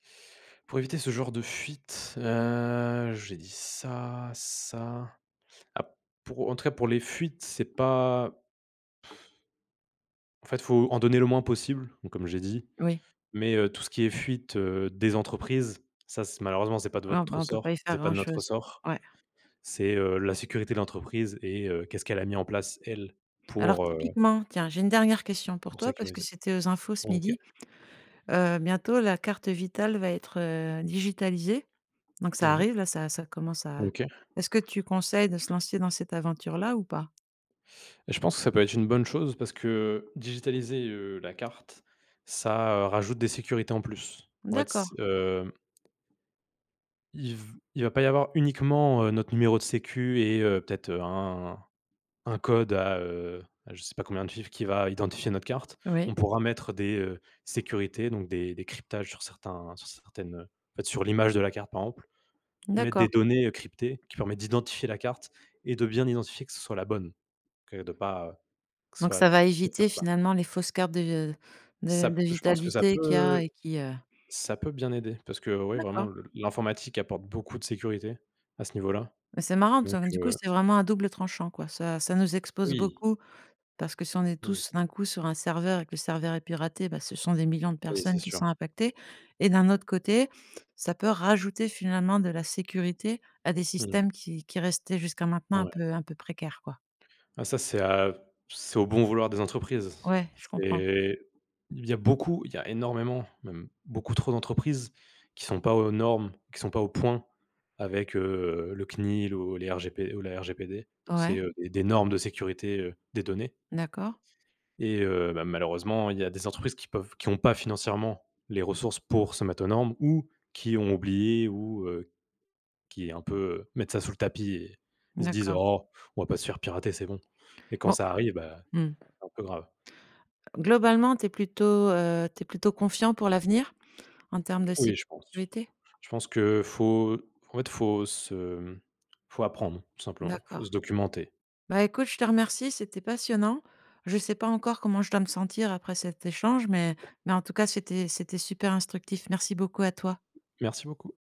Pour éviter ce genre de fuite, heu, j'ai dit ça ça, ap pour, heu, en tout cas, pour les fuites, c'est pas en fait, faut en donner le moins possible, bon, comme j'ai dit, Oui. mais heu, tout ce qui est fuite, heu, des entreprises, ça, c'est malheureusement, c'est pas de Ouais, on votre p on peut pas ressort, y faire c'est pas de notre grand-chose, ressort, ouais. c'est, heu, la sécurité de l'entreprise et heu, qu'est-ce qu'elle a mis en place elle Alors pour, heu typiquement, tiens, j'ai une dernière question pour pour toi parce que sécuriser. c'était aux infos ce OK. midi, heu, bientôt la carte vitale va être, heu, digitalisée donc ça Mmh mh. arrive, là, ça ça commence à OK. est-ce que tu conseilles de se lancer dans cette aventure-là ou pas? Et je pense que ça peut être une bonne chose parce que digitaliser, heu, la carte, ça, heu, rajoute des sécurités, en plus. En fait, D'accord. s hem il v il va pas y avoir uniquement, heu, notre numéro de sécu et heu, peut-être un un code à, heu, à je sais pas combien de chiffres qui va identifier notre carte. On Oui. pourra mettre des, heu, sécurités, donc des des cryptages sur certains sur certaines, heu, en fait, sur l'image de la carte, par exemple, mettre des D'accord. données, heu, cryptées qui permettent d'identifier la carte et de bien identifier que ce soit la bonne. OK? De pas, heu, que ce Donc soit ça va cette éviter, carte-là. finalement, les fausses cartes de de Ça p de je pense que ça vitalité qu'il y a peut et qui, heu ça peut bien aider parce que, ouais, vraiment D'accord. le l'informatique apporte beaucoup de sécurité à ce niveau-là, Bah c'est marrant, t donc ça donc du coup, heu c'est vraiment à double tranchant, quoi, ça ça nous expose Oui. beaucoup parce que si on est Mmh. tous, d'un coup, sur un serveur et que le serveur est piraté, bah, ce sont des millions de Oui, c'est personnes qui sont sûr. impactées et d'un autre côté ça peut rajouter, finalement, de la sécurité à des Mmh mh. systèmes qui qui restaient jusqu'à maintenant un Ouais. peu un peu précaire, quoi? Ah, ça c'est à c'est au bon vouloir des entreprises. Ouais, je comprends. C'est il y a beaucoup il y a énormément, même beaucoup trop d'entreprises qui sont pas aux normes, qui sont pas au point avec, heu, le CNIL ou les RGP ou la RGPD c'est, Ouais. heu, des normes de sécurité, heu, des données. D'accord. Et heu, bah, malheureusement, il y a des entreprises qui peuvent qui ont pas financièrement les ressources pour se mettre aux normes ou qui ont oublié ou, heu, qui est un peu heu, mettre ça sous le tapis et ils se disent: D'accord. «Oh! On va pas se faire pirater, c'est bon» et quand Bon, ça arrive, ben, mmh. c'est un peu grave. Globalement, tu es plutôt, heu, tu es plutôt confiant pour l'avenir, en terme de cyb Oui, je pense. curité? Je pense que faut, en fait, faut se, mmh, faut apprendre tout simplement, faut se D'accord. documenter. Bah, écoute, je te remercie, c'était passionnant. Je sais pas encore comment je dois me sentir après cet échange mais mais en tout cas, c'était c'était super instructif. Merci beaucoup à toi. Merci beaucoup.